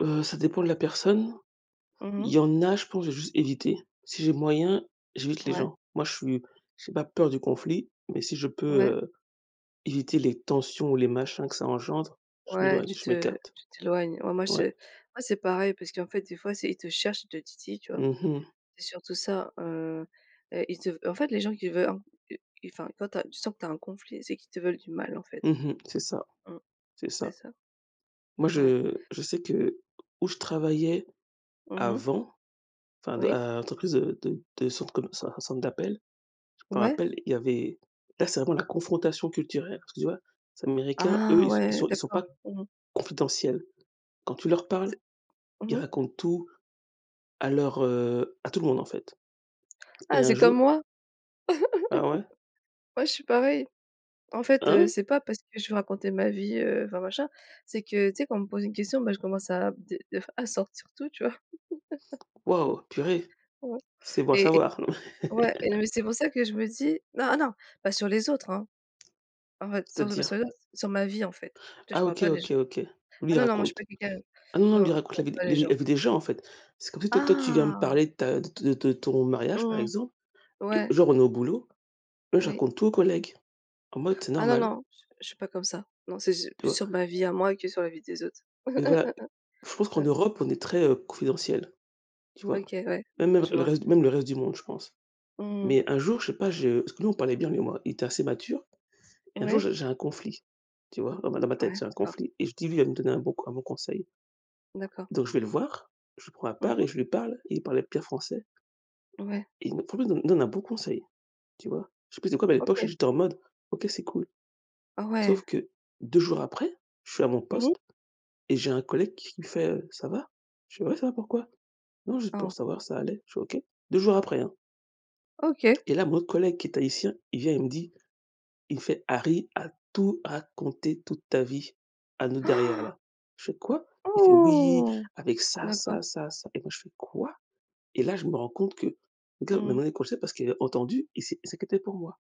Heu, ça dépend de la personne. Mmh Il mh. y en a, je pense, je vais juste éviter. Si j'ai moyen, j'évite les Ouais. gens. Moi, je suis j'ai pas peur du conflit, mais si je Ouais. peux, heu, éviter les tensions, ou les machins que ça engendre, je Ouais, m'éloigne, tu je te m'écarte. tu t'éloignes. Ouais, moi je Ouais. moi c'est pareil, parce qu'en fait, des fois c'est ils te cherchent, ils te titillent, tu vois? Mmh mh. C'est surtout ça. Heu, et ils te veu en fait, les gens qui veulent, i i enfin, quand tu sens que tu as un conflit, c'est qu'ils te veulent du mal, en fait. Mmh mh. C'est ça Mmh. C'est C'est ça. ça. Moi, Ouais. je je sais que où je travaillais Mmh mh. avant, enfin de Oui. à l'entreprise de de centre com de centre centre d'appel, je me Ouais. rappelle, il y avait là, c'est vraiment la confrontation culturelle, parce que tu vois? Les américains, eux, Ah, ils ils ouais sont ils sont d'accord. pas Mmh mh. confidentiels. Quand tu leur parles, C'est ils mmh mh. racontent tout à leur, heu, à tout le monde, en fait, et Ah un c'est comme jour moi. Ah ouais? Ouais, je suis pareil. En fait, heu, Hein? c'est pas parce que je veux raconter ma vie, heu, enfin machin, c'est que tu sais quand on me pose une question, bah je commence à des des fois à sortir tout, tu vois? Waouh, purée. Ouais C'est bon à et et savoir. ouais, et le mais c'est pour ça que je me dis non, ah non, pas sur les autres, hein? En fait, surtout pas sur C'est-à-dire? les autres. Sur ma vie, en fait. Tu vois? Je Ah parle OK, pas des OK, gens. OK. Lui, Ah il non non, moi je suis pas raconte. quelqu'un Ah non, non, lui, non, il je raconte prends la vie pas les le la gens. vie des gens, en fait. C'est comme si toi toi, tu viens me Ah. parler de ta de ton de de ton mariage, par Mmh mh. exemple, et Ouais, genre on est au boulot, là. Je Oui. raconte tout aux collègues, en mode c'est Ah non, normal. non, j je suis pas comme ça. Non, c'est su Tu plus vois? sur ma vie à moi, que sur la vie des autres. Mais voilà, je pense qu'en Mmh. Europe on est très, heu, confidentiels. Tu vois? OK, ouais, Même je le le vois. reste même le reste du monde je pense, Mmh mh. mais un jour je sais pas, je parce que nous on parlait bien lui et moi, il était assez mature et un jour Ouais. j'ai j'ai un conflit, tu vois? Dans ma dans ma tête Ouais, j'ai un oh conflit et je dis: «Lui il va me donner un bon c un bon conseil». D'accord. Donc je vais le voir, je le prends à Mmh part et mh. je lui parle, il parlait bien français Ouais. et il me vraiment, il me il me donne un bon conseil, tu vois? Je sais plus c'est quoi, mais à l'époque, je sais OK. que j'étais en mode: «OK c'est cool». Oh, ouais! Sauf que 2 jours après, je suis à mon Mmh mh. poste, et j'ai un collègue qui me fait, heu: «Ça va?» Je fais: «Ouais, ça va, pourquoi?» «Non, juste pour Oh. savoir si ça allait». Je fais: «OK». 2 jours après, hein. OK. Et là mon autre collègue qui est tahitien, il vient et il me dit, il me fait: «Harry a tout raconté, toute ta vie à nous derrière là». Je fais: «Quoi?» il fait: «Oui, Ouh, avec ça ça d'accord. ça ça» et moi je fais: «Quoi?» et là je me rends compte que [unintelligible] m'a Mmh mh. demandé comme ça parce qu'il avait entendu et il s'est il s'inquiétait pour moi.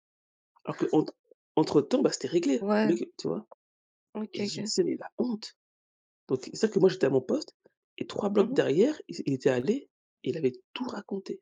Alors qu'entre entre entre temps, bah c'était réglé, Ouais. le q tu vois? OK, Et je lui OK. disais: «Mais la honte!» donc c'est à dire que moi j'étais à mon poste et 3 Mmh blocs mh. derrière, il s'est il était allé et il allait tout raconté.